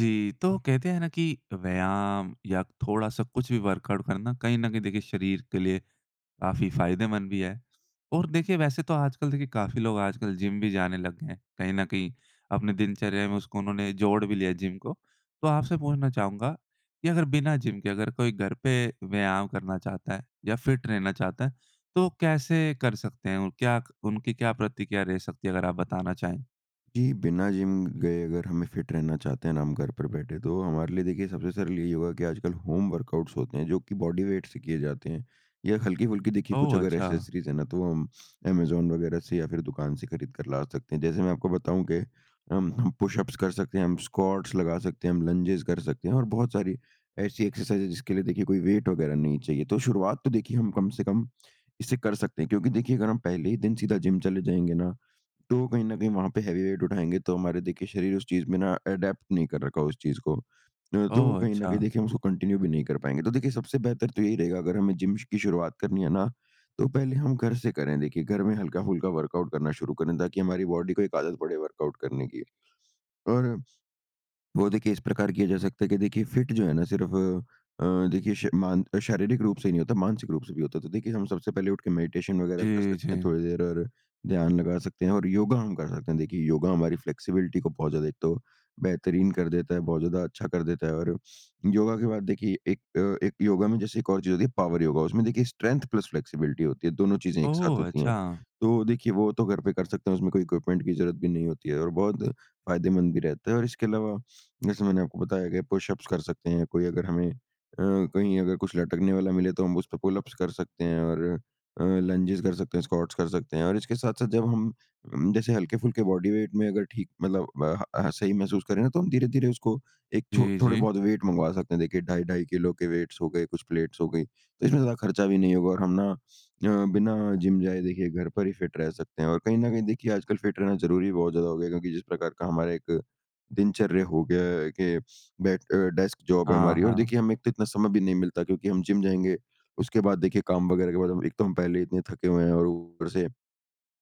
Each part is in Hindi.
जी। तो कहते हैं ना कि व्यायाम या थोड़ा-सा कुछ भी वर्कआउट करना कहीं न कहीं देखिए शरीर के लिए काफ़ी फ़ायदेमंद भी है। और देखिए वैसे तो आजकल देखिए काफ़ी लोग आजकल जिम भी जाने लग गए हैं। कहीं न कहीं अपने दिनचर्या में उसको उन्होंने जोड़ भी लिया है जिम को। तो आपसे पूछना चाहूँगा कि अगर बिना जिम के अगर कोई घर पे व्यायाम करना चाहता है या फिट रहना चाहता है तो कैसे कर सकते हैं? क्या उनकी क्या प्रतिक्रिया रह सकती है? अगर आप बताना चाहे। जी। बिना जिम गए अगर हमें फिट रहना चाहते हैं ना हम घर पर बैठे तो हमारे लिए देखिए सबसे सरल यही होगा कि आजकल होम वर्कआउट्स होते हैं जो कि बॉडी वेट से किए जाते हैं। या हल्की-फुल्की देखिए कुछ ओह! अगर अच्छा। एक्सेसरीज़ है ना तो हम ऐमाज़ॉन वगैरह से या फिर दुकान से खरीद कर ला सकते हैं। जैसे मैं आपको बताऊँ कि हम हम पुशअप्स कर सकते हैं हम स्कॉट्स लगा सकते हैं हम लंजेस कर सकते हैं। और बहुत सारी ऐसी एक्सरसाइज़ है जिसके लिए देखिए कोई वेट वगैरह नहीं चाहिए तो शुरुआत तो देखिए हम कम से कम इसे कर सकते हैं। क्योंकि देखिए अगर हम पहले ही दिन सीधा जिम चले जाएँगे ना तो कहीं न कहीं वहाँ पे हेवी वेट उठाएँगे तो हमारे देखिए शरीर उस चीज़ में ना अडैप्ट नहीं कर रखा हो उस चीज़ को। न तो ओह! कहीं न कहीं अच्छा। देखिए हम उसको कंटिन्यू भी नहीं कर पाएँगे। तो देखिए सबसे बेहतर तो यही रहेगा अगर हमें जिम की शुरुआत करनी है ना तो पहले हम घर से करें देखिए घर में हल्का-फुल्का वर्कआउट करना शुरू करें ताकि हमारी बॉडी को एक आदत पड़े वर्कआउट करने की। और, वो देखिए इस प्रकार किया जा सकता है की देखिए फिट जो है ना सिर्फ अ, देखिए समान शारीरिक रूप से ही नहीं होता, मानसिक रूप से भी होता है। तो देखिए हम सबसे पहले उठ के मेडिटेशन वगैरह कर जी, सकते हैं जी। थोड़ी देर और ध्यान लगा सकते हैं और योगा हम कर सकते हैं। देखिए योगा हमारी फ्लैक्सिबिलिटी को बहुत ज्यादा एक तो बेहतरीन कर देता है, बहुत ज़्यादा अच्छा कर देता है। और योगा के बाद देखिए एक अ, एक योगा में जैसे एक और चीज़ होती है पावर योगा। उसमें देखिए स्ट्रेंथ प्लस फ्लैक्सिबिलिटी होती है। दोनों चीज़ें एक साथ ओह! होती है अच्छा। तो देखिए वो तो घर पे कर सकते हैं उसमें कोई इक्विपमेंट की ज़रूरत भी नहीं होती है। और बहुत फ़ायदेमंद भी रहता है। और इसके अलावा जैसे मैंने आपको बताया कि पुशअप्स कर सकते हैं कोई अगर हमें अ, कहीं अगर कुछ लटकने वाला मिले तो हम उसपे पुलअप्स कर सकते हैं। और अ, लंजेस कर सकते हैं, स्कॉट्स कर सकते हैं। और इसके साथ-साथ जब हम उम, जैसे हल्के-फुल्के बॉडी वेट में अगर ठीक मतलब अ, ह, अ, सही महसूस करें न तो हम धीरे-धीरे उसको एक छो जी, थोड़े जी। बहुत वेट मँगवा सकते हैं। देखिए ढाई-ढाई किलो के वेट्स हो गए कुछ प्लेट्स हो गई तो इसमें ज़्यादा खर्चा भी नहीं होगा और हम ना अ, बिना जिम जाए देखिए घर पर ही फिट रह सकते हैं। और कहीं न कहीं देखिए आजकल फिट रहना ज़रूरी बहुत ज़्यादा हो गया है क्योंकि जिस प्रकार का हमारा एक दिनचर्या हो गया के बैठ अ, डेस्क जॉब है हाँ, हमारी। और हाँ। देखिए हमें एक तो इतना समय भी नहीं मिलता क्योंकि हम जिम जाएँगे उसके बाद देखिए काम वगैरह के बाद एक तो हम पहले इतने थके हुए हैं और ऊपर से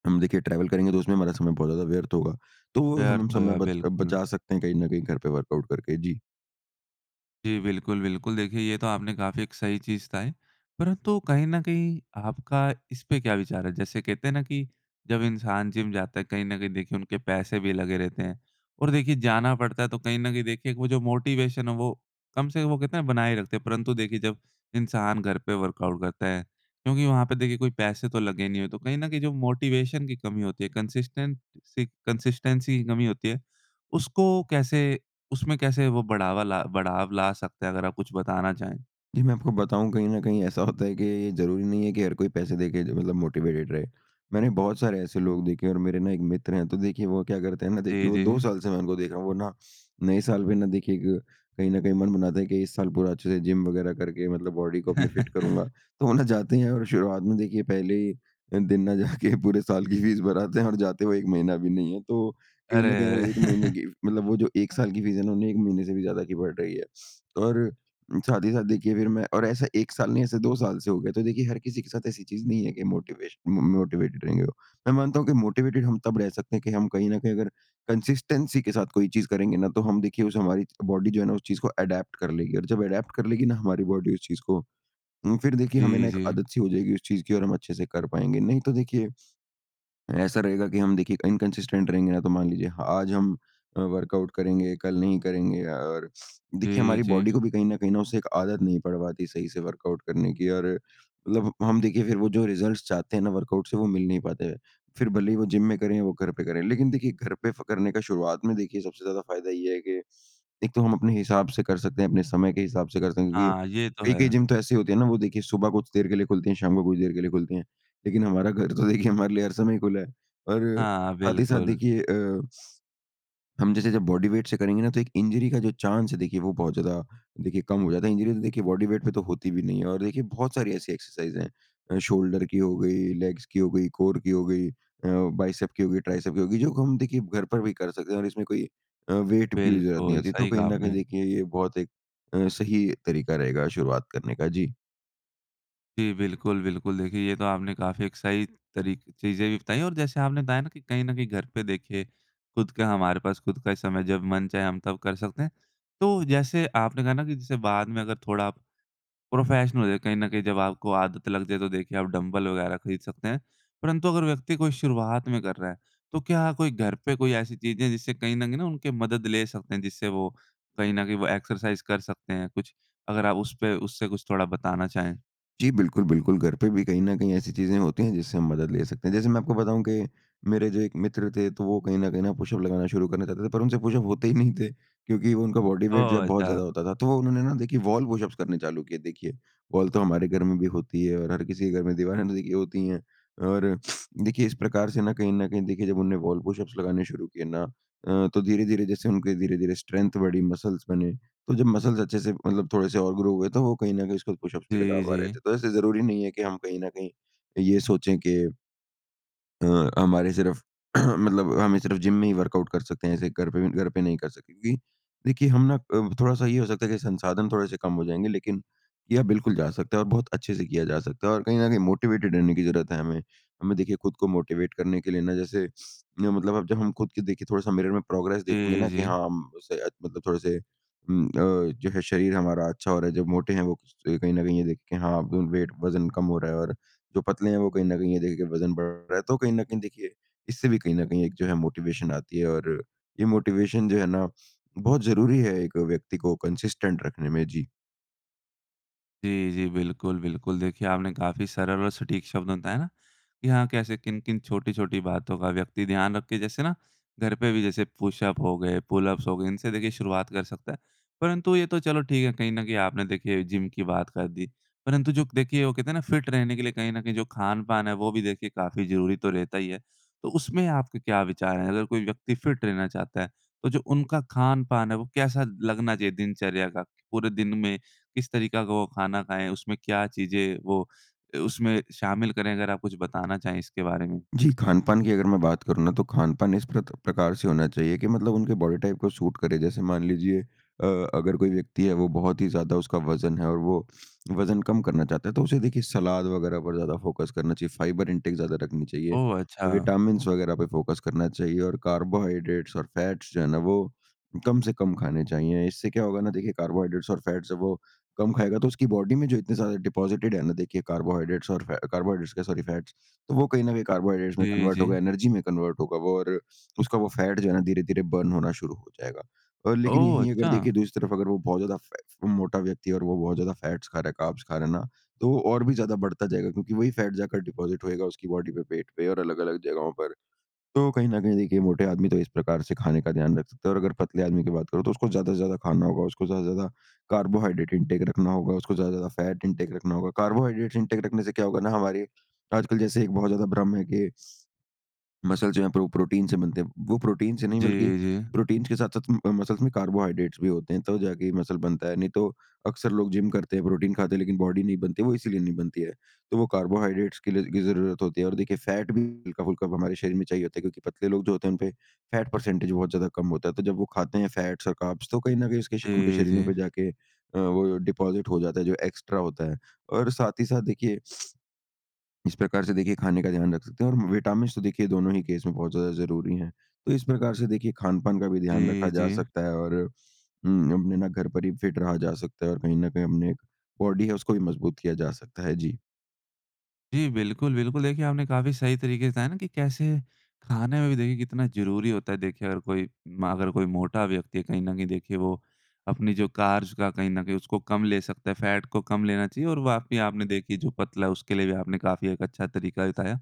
हम देखिए ट्रैवल करेंगे तो उसमें हमारा समय बहुत ज़्यादा व्यर्थ होगा। तो वो हमें व्यर्थ समय होगा बच बिल्कुल। बचा सकते हैं कहीं न कहीं घर पे वर्कआउट करके। जी। जी बिल्कुल, बिल्कुल। देखिए, ये तो आपने काफ़ी एक सही चीज़ कहा है। परंतु कहीं न कहीं आपका इसपे क्या विचार है? जैसे कहते हैं ना कि जब इंसान जिम जाता है कहीं न कहीं देखिए उनके पैसे भी लगे रहते हैं और देखिए, जाना पड़ता है तो कहीं न कहीं देखिए वो जो मोटिवेशन है वो कम से कम वो कहते है बनाए रखते हैं। परंतु देखिए, जब इंसान घर पे वर्कआउट करता है क्योंकि वहाँ पे देखिए कोई पैसे तो लगे नहीं है तो कहीं न कहीं जो मोटिवेशन की कमी होती है कंसिस्टेंट सी कंसिस्टेंसी की कमी होती है। उसको कैसे उसमें कैसे वो बढ़ावा ला बढ़ाव ला सकते है अगर आप कुछ बताना चाहें? जी, मैं आपको बताऊँ कहीं न कहीं ऐसा होता है कि ये ये ज़रूरी नहीं है कि हर कोई पैसे दे के जो मतलब मोटिवेटेड रहे। मैंने बहुत सारे ऐसे लोग देखे हैं और मेरे ना एक मित्र हैं तो देखिए वो क्या करते हैं ना जी, देखिए वो 2 जी। साल से मैं उनको देख रहा हूँ वो ना, नए साल पे ना देखिए एक, कहीं न कहीं मन बनाता है कि इस साल पूरा अच्छे से जिम वग़ैरह करके मतलब बॉडी को अपनी फिट करूँगा। तो वो ना जाते हैं और शुरुआत में देखिए, पहले ही अ, दिन ना जा के पूरे साल की फ़ीस भर आते हैं और जाते हुए 1 महीना भी नहीं है। तो कहीं अरे! न कहीं वो अरे! 1 महीने की फ़ मतलब वो जो 1 साल की फ़ीस है ना उन्हें 1 महीने से भी ज़्यादा की पड़ रही है। और साथ ही साथ देखिए फिर मैं और ऐसा 1 साल नहीं ऐसे 2 साल से हो गया। तो देखिए हर किसी के साथ ऐसी चीज़ नहीं है कि मोटिवेशन म मोटिवेटेड रहेंगे वो। मैं मानता हूँ कि मोटिवेटेड हम तब रह सकते हैं कि हम कहीं न कहीं अगर कंसिस्टेंसी के साथ कोई चीज़ करेंगे ना तो हम देखिए उससे हमारी बॉडी च जो है ना उस चीज़ को एडैप्ट कर लेगी और जब एडैप्ट कर लेगी ना हमारी बॉडी उस चीज़ को, उम, फिर देखिए हमें जी, ना एक जी। आदत-सी हो जाएगी उस चीज़ की और हम अच्छे से कर पाएँगे। नहीं तो देखिए, ऐसा रहेगा कि हम देखिए इनकंसिस्टेंट रहेंगे ना तो मान लीजिए आज हम अ, वर्कआउट करेंगे, कल नहीं करेंगे अ, और देखिए जी, हमारी जी। बॉडी को भी कहीं न कहीं न उसे एक आदत नहीं पड़ पाती सही से वर्कआउट करने की और मतलब हम देखिए फिर वो जो रिज़ल्ट्स चाहते हैं ना वर्कआउट से वो मिल नहीं पाते हैं। फिर भले ही वो जिम में करे वो घर पे करें। लेकिन देखिए, घर पे फ़ करने का शुरुआत में देखिए, सबसे ज़्यादा फ़ायदा ये है कि एक तो हम अपने हिसाब से कर सकते हैं अपने समय के हिसाब से करते हैं क्योंकि हाँ, ये तो कई-कई है। जिम तो ऐसी होती हैं ना वो देखिए सुबह कुछ देर के लिए खुलती है, शाम को कुछ देर के लिए खुलती हैं। लेकिन हमारा घर तो देखिए हमारे लिए हर समय खुला है। और हाँ, साथ ही साथ बिल्कुल। देखिए अ, हम जैसे जब बॉडी वेट से करेंगे ना तो एक इंजरी का जो चांस है देखिए वो बहुत ज़्यादा देखिए कम हो जाता है। इंजरी तो देखिए बॉडी वेट पे तो होती भी नहीं है। और देखिए बहुत सारी ऐसी एक्सरसाइज़ है। अ, शोल्डर की हो गई, लेग्स की हो गई, कोर की हो गई, अ, बाइसेप की हो गई, ट्राइसेप की हो गई। जो हम देखिए घर पर भी कर सकते हैं और इसमें कोई अ, वेट की भी ज़रूरत नहीं बिल्कुल, होती। तो सही कहीं कहा न कहीं आपने। देखिए ये बहुत एक अ, सही तरीका रहेगा शुरुआत करने का। जी। जी। बिल्कुल, बिल्कुल देखिए, ये तो आपने काफ़ी एक सही तरीके चीज़ें भी बताई और जैसे आपने बताया ना कि कहीं ना कहीं घर पे देखिए खुद के हमारे पास खुद का समय जब मन चाहे हम तब कर सकते हैं। तो जैसे आपने कहा ना कि जैसे बाद में अगर थोड़ा प्रोफ़ेशनल हो जाए, कहीं न कहीं जब आपको आदत लग जाए, तो देखिए आप डम्बल वग़ैरह खरीद सकते हैं। परंतु अगर व्यक्ति कोई शुरुआत में कर रहा है, तो क्या कोई घर पे कोई ऐसी चीजें है, जिससे कहीं ना कहीं उनके मदद ले सकते हैं, जिससे वो कहीं ना कहीं वो एक्सरसाइज़ कर सकते हैं? कुछ अगर आप उसपे उससे कुछ थोड़ा बताना चाहें? जी। बिल्कुल, बिल्कुल घर पे भी कहीं न कहीं ऐसी चीज़ें होती हैं, जिससे हम मदद ले सकते हैं। जैसे मैं आपको बताऊँ कि मेरे जो एक मित्र थे, तो वो कहीं न कहीं पुशअप लगाना शुरू करना चाहते थे, पर उनसे पुशअप होते ही नहीं थे, क्योंकि उनका बॉडी वेट जो है ओह! बहुत ज़्यादा अच्छा। होता था। तो उन्होंने ना देखिए वॉल पुशप करने चालू किए। देखिए, वॉल तो हमारे घर में भी होती है और हर किसी के घर में दीवारें तो देखिए होती ही हैं। और देखिए इस प्रकार से ना कहीं न कहीं देखिए जब उन्हें वॉल पुशअप्स लगाने शुरू किए ना अ, तो धीरे-धीरे जैसे उनके धीरे-धीरे स्ट्रेंथ बढ़ी, मसल्स बने, तो जब मसल्स अच्छे से मतलब थोड़े से और ग्रो हुए, तो वो कहीं न कहीं उसको पुशअप्स भी लगा जी, पा रहे जी। थे। तो ऐसे ज़रूरी नहीं है कि हम कहीं न कहीं ये सोचें कि अ, हमारे सिर्फ़ मतलब हमें सिर्फ़ जिम में ही वर्कआउट कर सकते हैं, ऐसे घर पे भी घर पे नहीं कर सकते, क्योंकि देखिए हम ना अ, थोड़ा सा ये हो सकता है कि संसाधन थोड़े से कम हो जाएँगे, लेकिन किया बिल्कुल जा सकता है और बहुत अच्छे से किया जा सकता है, और कहीं न कहीं मोटिवेटेड रहने की ज़रूरत है हमें। हमें देखिए खुद को मोटिवेट करने के लिए ना, जैसे मतलब अब जब हम खुद की देखिए थोड़ा-सा मिरर में प्रोग्रेस देखें जी, ना कि जी। हाँ हम उसे मतलब थोड़े से उ अ, जो है शरीर हमारा अच्छा हो रहा है, जब मोटे हैं वो कहीं न कहीं ये देखे कि हाँ वेट वज़न कम हो रहा है, और जो पतले हैं। वो कहीं न कहीं ये देख के वज़न बढ़ रहा है, तो कहीं न कहीं देखिए इससे भी कहीं न कहीं एक जो है मोटिवेशन आती है, और ये मोटिवेशन जो है ना बहुत ज़रूरी है एक व्यक्ति को कंसिस्टेंट रखने में। जी। जी, जी, बिल्कुल, बिल्कुल। देखिए, आपने काफ़ी सरल और सटीक शब्द में बताया ना कि हाँ, कैसे किन-किन छोटी-छोटी बातों का व्यक्ति ध्यान रखे। जैसे ना, घर पे भी जैसे पुशअप हो गए, पुलअप्स हो गए, इनसे देखिए शुरुआत कर सकता है। परंतु ये तो चलो, ठीक है, कहीं ना कहीं आपने देखिए जिम की बात कर दी। परंतु जो क देखिए, वो कहते है ना फिट रहने के लिए कहीं ना कहीं जो खान-पान है, वो भी देखिए काफ़ी जरूरी तो रहता ही है। तो उसमें आपके क्या विचार हैं? अगर कोई व्यक्ति फिट रहना चाहता है तो जो उनका खान-पान है, वो कैसा लगना चाहिए दिनचर्या का? पूरे दिन में किस तरीका का वो खाना खाएँ, उसमें क्या चीज़ें वो अ, उसमें शामिल करें? अगर आप कुछ बताना चाहें इसके बारे में। जी, खान-पान की अगर मैं बात करूँ ना, तो खान-पान इस प्रत प्रकार से होना चाहिए कि मतलब उनके बॉडी टाइप को सूट करे। जैसे मान लीजिए अ, अगर कोई व्यक्ति है, वो बहुत ही ज़्यादा उसका वज़न है और वो वज़न कम करना चाहता है, तो उसे देखिए सलाद वगैरह पर ज़्यादा फोकस करना चाहिए, फाइबर इंटेक ज़्यादा रखनी चाहिए। ओह! अ, अच्छा। विटामिन्स वगैरह पे फोकस करना चाहिए और कार्बोहाइड्रेट्स और फैट्स जो हैं ना वो कम से कम खाने चाहिए। इससे क्या होगा ना देखिए कार्बोहाइड्रेट्स और फैट्स जब वो कम खाएगा, तो उसकी बॉडी में जो इतने सारे डिपॉज़िटेड हैं ना, देखिए कार्बोहाइड्रेट्स और फै कार्बोहाइड्रेट्स क्या सॉरी फैट्स, तो वो कहीं ना कहीं कार्बोहाइड्रेट्स में जी, कन्वर्ट होगा, जी। एनर्जी में कन्वर्ट होगा वो और उसका वो फैट जो है ना धीरे-धीरे बर्न होना शुरू हो जाएगा। अ, लेकिन ओह! यहीं अगर देखें, अच्छा। दूसरी तरफ अगर वो बहुत ज़्यादा फै फ मोटा व्यक्ति है और वो बहुत ज़्यादा फैट्स खा रहा है, कार्ब्स खा रहा है ना, तो वो और भी ज़्यादा बढ़ता जाएगा क्योंकि वही फैट जाकर डिपॉज़िट होएगा उसकी बॉडी पे, पेट पे और अलग अलग जगहों पर। तो कहीं ना कहीं देखिए, मोटे आदमी तो इस प्रकार से खाने का ध्यान रख सकते हैं और अगर पतले आदमी की बात करूँ तो उसको ज़्यादा से ज़्यादा खाना होगा, उसको ज़्यादा से ज़्यादा कार्बोहाइड्रेट इंटेक रखना होगा, उसको ज़्यादा से ज़्यादा फैट इंटेक रखना होगा। कार्बोहाइड्रेट्स इंटेक रखने से क्या होगा ना हमारे, आजकल जैसे एक बहुत ज़्यादा भ्रम है कि मसल्स जो हैं प्रो प्रोटीन से बनते हैं। वो प्रोटीन से नहीं जी, बल्कि जी। प्रोटीन के साथ-साथ अ, मसल्स में कार्बोहाइड्रेट्स भी होते हैं तब जाके ये मसल बनता है, नहीं तो, अक्सर लोग जिम करते हैं, प्रोटीन खाते हैं, लेकिन बॉडी नहीं बनती है, वो इसीलिए नहीं बनती है। तो वो कार्बोहाइड्रेट्स के लिए की ज़रूरत होती है और देखिए, फैट भी हल्का-फुल्का हमारे शरीर में चाहिए होता है क्योंकि पतले लोग जो होते हैं, उनपे फैट परसेंटेज बहुत ज़्यादा कम होता है। तो जब वो खाते हैं फैट्स और कार्ब्स, तो कहीं ना कहीं उसके श उनके जी, शरीरों जी। पे जाके अ, वो डिपॉज़िट हो जाता है, जो एक्स्ट्रा होता है। और साथ ही साथ देखिए, इस प्रकार से देखिए खाने का ध्यान रख सकते हैं और विटामिन्स तो देखिए दोनों ही केस में बहुत ज़्यादा ज़रूरी हैं। तो इस प्रकार से देखिए, खान-पान का भी ध्यान जी, रखा जा जी। सकता है और उम, अपने ना घर पर ही फिट रहा जा सकता है और कहीं ना कहीं अपने एक बॉडी है, उसको भी मज़बूत किया जा सकता है। जी। जी, बिल्कुल, बिल्कुल। देखिए आपने काफ़ी सही तरीके से, है ना, कि कैसे खाने में भी देखिए कितना ज़रूरी होता है, देखिए अगर कोई म अगर कोई मोटा व्यक्ति है, कहीं न कहीं देखिए, वो अपनी जो कार्ब्स का कहीं न कहीं उसको कम ले सकता है, फैट को कम लेना चाहिए। और वाक़ई आपने देखिए, जो पतला है उसके लिए भी आपने काफ़ी एक अच्छा तरीका भी बताया।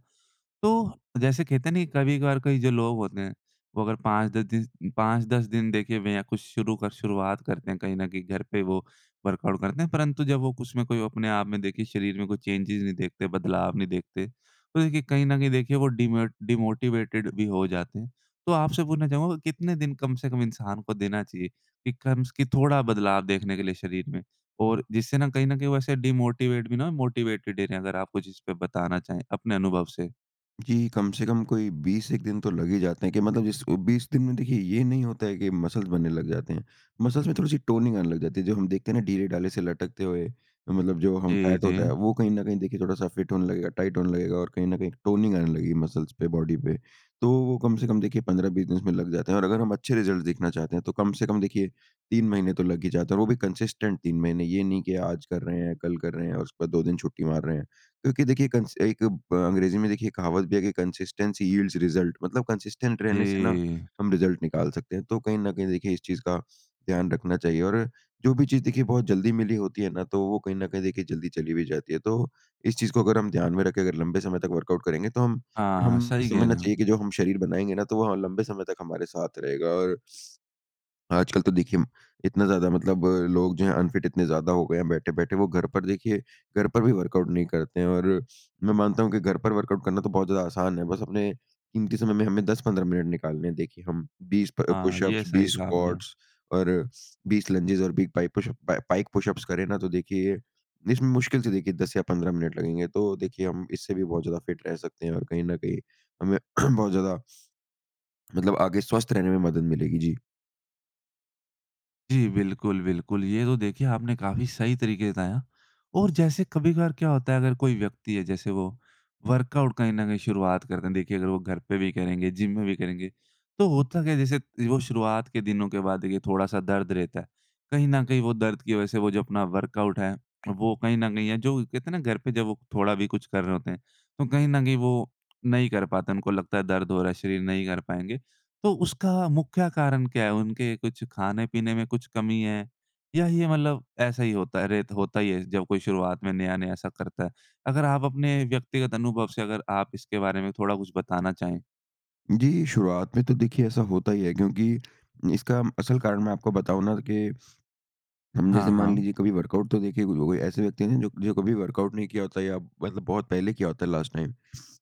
तो जैसे कहते हैं नहीं, कभी-कभार कई जो लोग होते हैं, वो अगर 5-10 दिस 5-10 दिन देखे बिना कुछ शुरू कर शुरुआत करते हैं, कहीं न कहीं घर पे वो वर्कआउट करते हैं। परंतु जब वो उसमें कोई अपने आप में देखिए शरीर में कोई चेंजेस नहीं देखते, बदलाव नहीं देखते, तो देखिए कहीं न कहीं देखिए वो डिमोट डिमोटिवेटेड भी हो जाते हैं। तो आपसे पूछना चाहूँगा कितने दिन कम से कम इंसान को देना चाहिए कि कम्स कि थोड़ा बदलाव देखने के लिए शरीर में, और जिससे ना कहीं न कहीं वैसे डिमोटिवेट भी ना मोटिवेटेड ही रहें। अगर आप कुछ इसपे बताना चाहें अपने अनुभव से। जी, कम से कम कोई 20-1 दिन तो लग ही जाते हैं, कि मतलब जिस अ, 20 दिन में देखिए ये नहीं होता है कि मसल्स बनने लग जाते हैं। मसल्स में थोड़ी-सी टोनिंग आने लग जाती है। जो हम देखते हैं ना ढीले-ढाले से लटकते हुए, मतलब जो हम जी, फैट होता जी। है, वो कहीं न कहीं देखिए थोड़ा-सा फिट होने लगेगा, टाइट होने लगेगा। और कहीं न कहीं टोनिंग आने लगी है मसल्स पे, बॉडी पे। तो वो कम से कम देखिए 15-20 दिन इसमें लग जाते हैं। और अगर हम अच्छे रिज़ल्ट देखना चाहते हैं, तो कम से कम देखिए 3 महीने तो लग ही जाते हैं और वो भी कंसिस्टेंट 3 महीने। ये नहीं कि आज कर रहे हैं, कल कर रहे हैं, और उसके बाद 2 दिन छुट्टी मार रहे हैं, क्योंकि देखिए कंस एक ब अंग्रेज़ी में देखिए कहावत भी है कि कंसिस्टेंसी यील्ड्स रिजल्ट। मतलब कंसिस्टेंट रहने से ना जी। हम रिज़ल्ट निकाल सकते हैं। तो कहीं न कहीं देखिए इस चीज़ का ध्यान रखना चाहिए। और जो भी चीज़ देखिए बहुत जल्दी मिली होती है ना, तो वो कहीं न कहीं देखिए जल्दी चली भी जाती है। तो इस चीज़ को अगर हम ध्यान में रख के अगर लंबे समय तक वर्कआउट करेंगे तो हम, हाँ। हम सही कह समझना रहे हो। चाहिए कि जो हम शरीर बनाएँगे ना तो वो ह लंबे समय तक हमारे साथ रहेगा। और आजकल तो देखिए इतना ज़्यादा मतलब लोग जो हैं अनफिट इतने ज़्यादा हो गए हैं बैठे-बैठे। वो घर पर देखिए घर पर भी वर्कआउट नहीं करते हैं, और मैं मानता हूँ कि घर पर वर्कआउट करना तो बहुत ज़्यादा आसान है, बस अपने कीमती समय में हमें 10-15 मिनट निकालने हैं। देखिए हम 20 प हाँ। ये पुशअप्स सही 20 कहा आपने। स्क्वाट्स और 20 लंजेस और 20 पाइ पुशअप पाइक पुशअप्स करें ना, तो देखिए इसमें मुश्किल से देखिए 10 या 15 मिनट लगेंगे। तो देखिए हम इससे भी बहुत ज़्यादा फ़िट रह सकते हैं, और कहीं न कहीं हमें बहुत ज़्यादा मतलब आगे स्वस्थ रहने में मदद मिलेगी। जी। जी, बिल्कुल, बिल्कुल ये तो देखिए आपने काफ़ी सही तरीके बताया और जैसे कभी-कभार क्या होता है, अगर कोई व्यक्ति है जैसे वो वर्कआउट कहीं ना कहीं शुरुआत करते हैं, देखिए अगर वो घर पे भी करेंगे, जिम में भी करेंगे। तो होता क्या है, जैसे वो शुरुआत के दिनों के बाद देखिए थोड़ा सा दर्द रहता है। कहीं न कहीं वो दर्द की वज़ह से वो जो अपना वर्कआउट है, वो कहीं न कहीं या जो कहते ना घर पर जब वो थोड़ा भी कुछ कर रहे होते हैं, तो कहीं न कहीं वो नहीं कर पाते, उनको लगता है दर्द हो रहा है, शरीर नहीं कर पाएँगे, तो उसका मुख्य कारण क्या है, उनके कुछ खाने-पीने में कुछ कमी है या ये मतलब ऐसा ही होता है, रेत होता ही है जब कोई शुरुआत में नया-नया ऐसा करता है, अगर आप अपने व्यक्तिगत अनुभव से अगर आप इसके बारे में थोड़ा कुछ बताना चाहें? जी, शुरुआत में तो देखिए ऐसा होता ही है, क्योंकि इसका असल कारण मैं आपको बताऊँ ना कि हम हाँ, जैसे मान हाँ। लीजिए कभी वर्कआउट तो देखिए [unintelligible] ऐसे व्यक्ति है जो कभी वर्कआउट नहीं किया होता या मतलब बहुत पहले किया होता है लास्ट टाइम।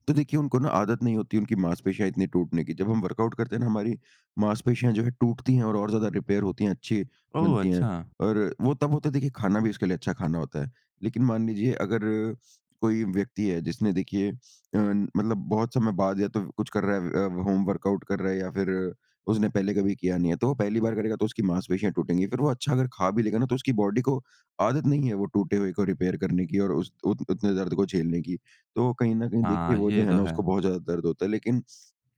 तो देखिए उनको ना आदत नहीं होती उनकी मांसपेशियाँ इतनी टूटने की। जब हम वर्कआउट करते हैं ना, हमारी मांसपेशियाँ जो है टूटती है और, और ज़्यादा रिपेयर होती है, अच्छी ओह, बनती है अच्छा। और वो तब होता है, देखिए खाना भी उसके लिए अच्छा खाना होता है। लेकिन मान लीजिए अगर कोई व्यक्ति है जिसने देखिए अ, मतलब बहुत समय बाद या तो कुछ कर रहा है अ, होम वर्कआउट कर रहा है, या फिर उसने पहले कभी किया नहीं है, तो वो पहली बार करेगा, तो उसकी मांसपेशियाँ टूटेंगी। फिर वो अच्छा अगर खा भी लेगा ना, तो उसकी बॉडी को आदत नहीं है। वो टूटे हुए को रिपेयर करने की और उस उत उतने दर्द को झेलने की। तो कहीं ना कहीं देखिए हाँ, वो जो ये है तो ना, है। उसको बहुत ज़्यादा दर्द होता है, लेकिन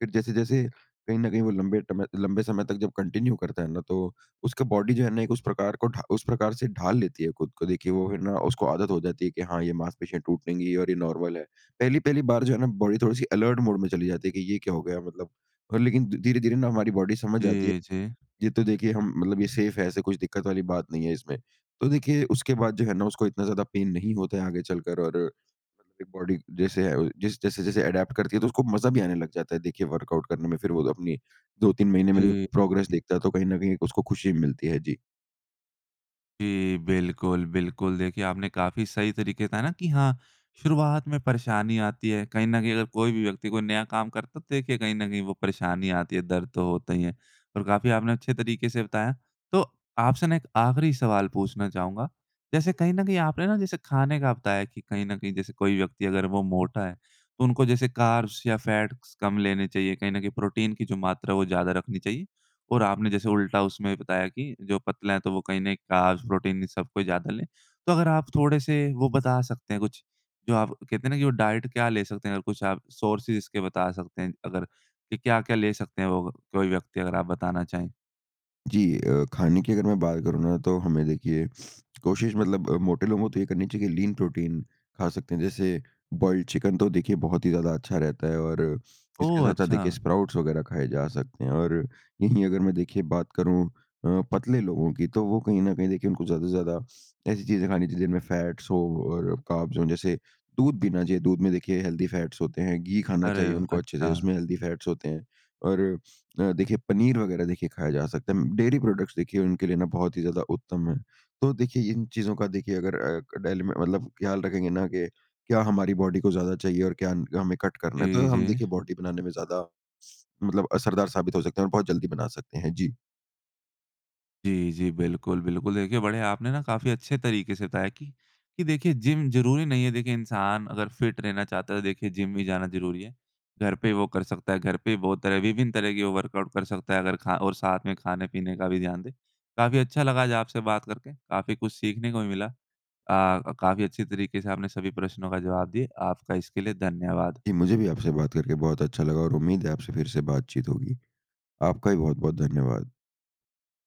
फिर जैसे-जैसे कहीं ना कहीं वो लंबे टम लंबे समय तक जब कंटिन्यू करता है ना, तो उसका बॉडी जो है ना एक उस प्रकार को ढा उस प्रकार से ढाल लेती है ख़ुद को। देखिए वो है ना, उसको आदत हो जाती है कि हाँ ये मांसपेशियाँ टूटेंगी और ये नॉर्मल है। पहली-पहली बार जो है ना, बॉडी थोड़ी सी अलर्ट मोड में चली जाती है कि ये क्या हो गया मतलब अ, लेकिन धीरे-धीरे ना हमारी बॉडी समझ जाती है। जी, जी। ये तो देखिए हम मतलब ये सेफ़ है, ऐसे कुछ दिक्कत वाली बात नहीं है इसमें। तो देखिए उसके बाद जो है ना, उसको इतना ज़्यादा पेन नहीं होता है आगे चलकर और एक बॉडी जैसे अ जैसे-जैसे अडैप्ट करती है, तो उसको मज़ा भी आने लग जाता है देखिए वर्कआउट करने में। फिर वो 2 अपनी 2-3 महीने में जी, प्रोग्रेस हुँ। देखता है, तो कहीं न कहीं उसको खुशी मिलती है। जी। जी। बिल्कुल, बिल्कुल देखिए आपने काफ़ी सही तरीके बताया ना कि हाँ शुरुआत में परेशानी आती है कहीं न कहीं अगर कोई भी व्यक्ति कोई नया काम करता तो देखिए कहीं न कहीं वो परेशानी आती है दर्द तो होता ही है। और काफ़ी आपने अच्छे तरीके से बताया तो आपसे ना एक आख़िरी सवाल पूछना चाहूँगा जैसे कहीं न कहीं आपने ना जैसे खाने का बताया कि कहीं न कहीं जैसे कोई व्यक्ति अगर वो मोटा है तो उनको जैसे कार्ब्स या फ़ैट्स कम लेने चाहिए कहीं न कहीं प्रोटीन की जो मात्रा है वो ज़्यादा रखनी चाहिए। और आपने जैसे उल्टा उसमें बताया कि जो पतला है तो वो कहीं न कार्ब्स प्रोटीन सब कोई ज़्यादा लें। तो अगर आप थोड़े से वो बता सकते हैं कुछ जो आप कहते हैं ना वो डाइट क्या ले सकते हैं? और कुछ आप सोर्सेज़ इसके बता सकते हैं अगर कि क्या-क्या ले सकते हैं वो कोई व्यक्ति अगर आप बताना चाहें? जी। अ, खाने की अगर मैं बात करूँ ना तो हमें देखिए कोशिश मतलब मोटे लोगों को तो ये करनी चाहिए कि लीन प्रोटीन खा सकते हैं जैसे बॉइल्ड चिकन तो देखिए बहुत ही ज़्यादा अच्छा रहता है और इसके ओह! साथ-साथ देखिए अच्छा। स्प्राउट्स वग़ैरह खाए जा सकते हैं। और यहीं अगर मैं देखिए बात करूँ अ, पतले लोगों की तो वो कहीं न कहीं देखिए उनको ज़्यादा से ज़्यादा ऐसी चीज़ें खानी चाहिए जिनमें फ़ैट्स हों और कार्ब्स हों जैसे दूध पीना चाहिए दूध में देखिए हेल्दी फ़ैट्स होते हैं घी खाना अरे! चाहिए उनको अच्छे से अच्छा। उसमें हेल्दी फ़ैट्स होते हैं। और अ, देखिए पनीर वग़ैरह देखिए खाया जा सकता है डेयरी प्रोडक्ट्स देखिए उनके लिए ना बहुत ही ज़्यादा उत्तम है। तो देखिए इन चीज़ों का देखिए अगर अ, क डेली में मतलब ख़याल रखेंगे ना कि क्या हमारी बॉडी को ज़्यादा चाहिए और क्या हमें कट करना है तो जी, हम देखिए जी। बॉडी बनाने में ज़्यादा मतलब असरदार साबित हो सकते हैं और बहुत जल्दी बना सकते हैं। जी। जी, जी। बिल्कुल, बिल्कुल। देखिए बड़े आपने ना काफ़ी अच्छे तरीके से बताया की कि देखिए जिम ज़रूरी नहीं है देखिए इंसान अगर फिट रहना चाहता है तो देखिए जिम भी जाना ज़रूरी है। घर पे वो कर सकता है घर पे ही बहुत तरह विभिन्न तरह की वो वर्कआउट कर सकता है अगर खा और साथ में खाने-पीने का भी ध्यान दें। काफ़ी अच्छा लगा आपसे बात करके काफ़ी कुछ सीखने को मिला अ, काफ़ी अच्छी तरीके से आपने सभी प्रश्नों का जवाब दिए। आपका इसके लिए धन्यवाद। जी। मुझे भी आपसे बात करके बहुत अच्छा लगा और उम्मीद है आपसे फिर से बातचीत होगी। आपका भी बहुत-बहुत धन्यवाद।